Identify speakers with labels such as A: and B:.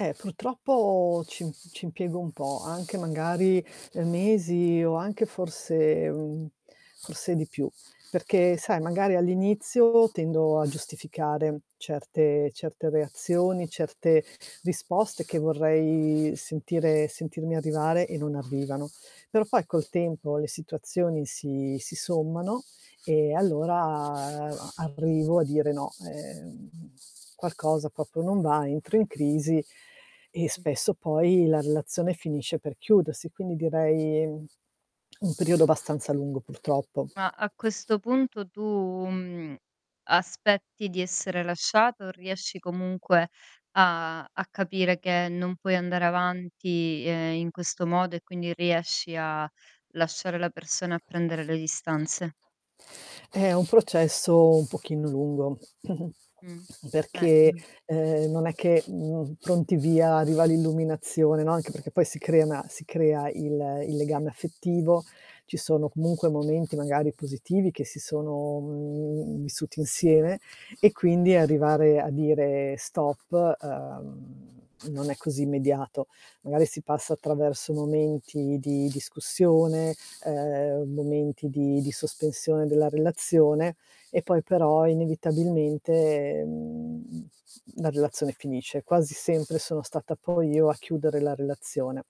A: Ehm, purtroppo ci ci impiego un po' anche magari mesi o anche forse, mhmm, forse di più perché sai magari all'inizio tendo a giustificare certe certe reazioni, certe risposte che vorrei sentire sentirmi arrivare e non arrivano. Però poi col tempo le situazioni si si sommano, e allora a arrivo a dire no. Ehm, qualcosa proprio non va, entro in crisi e
B: Mh.
A: spesso poi la relazione finisce per chiudersi. Quindi direi, mhmm, un periodo abbastanza lungo purtroppo.
B: Ma, a questo punto tu, mhmm, aspetti di essere lasciato, o riesci comunque a a capire che non puoi andare avanti, ehm, in questo modo e quindi riesci a lasciare la persona, a prendere le distanze?
A: Eh, è un processo un pochino lungo,
B: Mh. Eh,
A: perché,
B: m g
A: uhm, non è che, mhmm, pronti via, arriva l'illuminazione, no, anche perché poi si crea una si crea il il legame
B: Mh-mh.
A: affettivo, ci sono comunque momenti magari positivi che si sono, mhmm, vissuti insieme e quindi arrivare a dire stop, uhm, non è così immediato. Magari si passa attraverso momenti di discussione, uhm, momenti di di sospensione della relazione, e poi però, inevitabilmente, mhmm, la relazione finisce. Quasi sempre sono stata poi io a chiudere la relazione.